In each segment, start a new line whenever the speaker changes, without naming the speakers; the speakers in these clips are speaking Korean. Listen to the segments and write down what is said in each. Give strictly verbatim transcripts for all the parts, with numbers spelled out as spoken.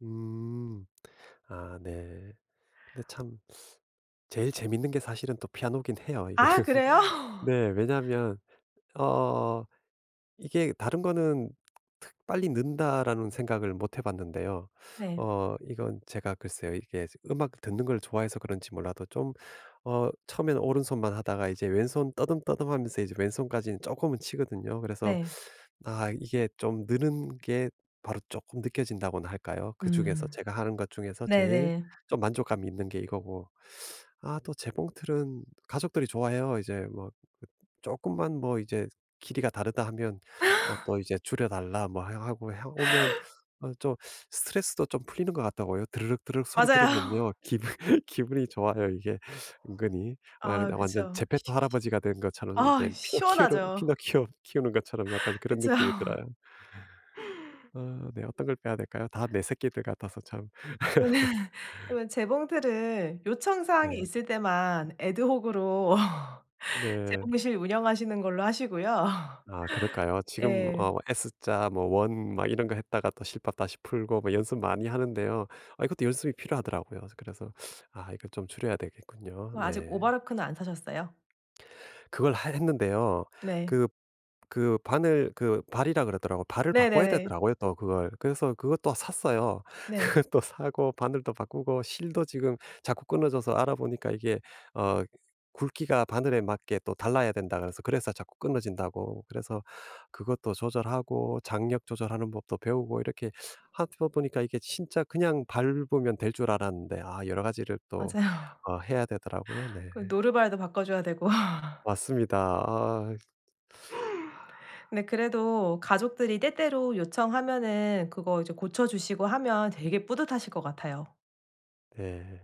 음 아 네. 근데 참 제일 재밌는 게 사실은 또 피아노긴 해요. 이게.
아 그래요?
네. 왜냐하면 어 이게 다른 거는 특 빨리 는다라는 생각을 못 해 봤는데요.
네.
어 이건 제가 글쎄요. 이게 음악 듣는 걸 좋아해서 그런지 몰라도 좀 어 처음에는 오른손만 하다가 이제 왼손 더듬 더듬 하면서 이제 왼손까지는 조금은 치거든요. 그래서
네.
아 이게 좀 느는 게 바로 조금 느껴진다고나 할까요? 그 중에서
음.
제가 하는 것 중에서 제일
네네.
좀 만족감이 있는 게 이거고. 아 또 재봉틀은 가족들이 좋아해요. 이제 뭐 조금만 뭐 이제 길이가 다르다 하면 어 또 이제 "줄여 달라." 뭐 하고. 해 보면 좀 스트레스도 좀 풀리는 것 같더라고요. 드르륵 드르륵 소리
맞아요.
들으면요. 기분 기분이 좋아요. 이게 은근히. 아
아
근데 완전
그쵸.
제페토 할아버지가 된 것처럼
아
이제 피노키오를
시원하죠.
피노키오 키우는 것처럼 약간 그런
그쵸.
느낌이 들어요. 어 네. 어떤 걸 빼야 될까요? 다 내 새끼들 같아서 참.
네. 그러면 재봉틀을 요청 사항이
네.
있을 때만 ad hoc으로
네.
재봉실 운영하시는 걸로 하시고요.
아 그럴까요? 지금
예.
어 S자 뭐 원 막 이런 거 했다가 또 실밥 다시 풀고 뭐 연습 많이 하는데요. 아 이것도 연습이 필요하더라고요. 그래서 아 이거 좀 줄여야 되겠군요.
뭐 아직
네.
오버로크는 안 사셨어요?
그걸 하 했는데요.
네.
그 그 바늘 그 발이라고 그러더라고. 발을 바꿔야
네네네.
되더라고요, 또 그걸. 그래서 그것도 샀어요.
네.
그것도 사고 바늘도 바꾸고 실도 지금 자꾸 끊어져서 알아 보니까 이게 어 굵기가 바늘에 맞게 또 달라야 된다고 그래서, 그래서 자꾸 끊어진다고 그래서 그것도 조절하고 장력 조절하는 법도 배우고 이렇게 하다 보니까 이게 진짜 그냥 밟으면 될 줄 알았는데 아 여러 가지를 또
맞아요.
어 해야 되더라고요. 네.
그 노루발도 바꿔 줘야 되고.
맞습니다. 아.
근데 그래도 가족들이 때때로 요청하면은 그거 이제 고쳐 주시고 하면 되게 뿌듯하실 것 같아요.
네.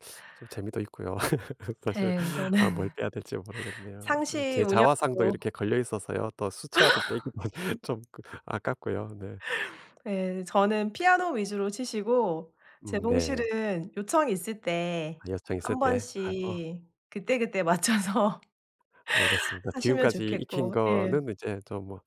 좀 재미도 있고요. 사실
예 그거는.
아 뭘 빼야 될지 모르겠네요. 네.
상시
제 자화상도
운영으로.
이렇게 걸려 있어서요. 또 수채화도 빼기도 좀 아깝고요. 네.
네 저는 피아노 위주로 치시고
음 네.
재봉실은 요청이 있을
아
때
요청 있을
한
때 하고.
번씩 그때그때 맞춰서.
알겠습니다.
하시면
지금까지 익힌
좋겠고. 예.
거는 이제 좀 뭐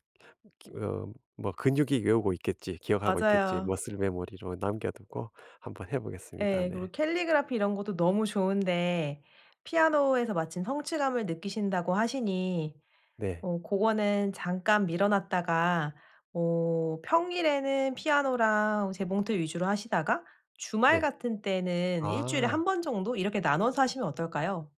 어 '뭐 근육이 외우고 있겠지. 기억하고 있겠지.'
맞아요.
muscle memory로 남겨 두고 한번 해 보겠습니다.
예.
네.
그리고 캘리그라피 이런 것도 너무 좋은데 피아노에서 마침 성취감을 느끼신다고 하시니
네.
어 고거는 잠깐 미뤄 놨다가 어 평일에는 피아노랑 재봉틀 위주로 하시다가 주말
네.
같은 때는 일 주일에 한
아.
번 정도 이렇게 나눠서 하시면 어떨까요?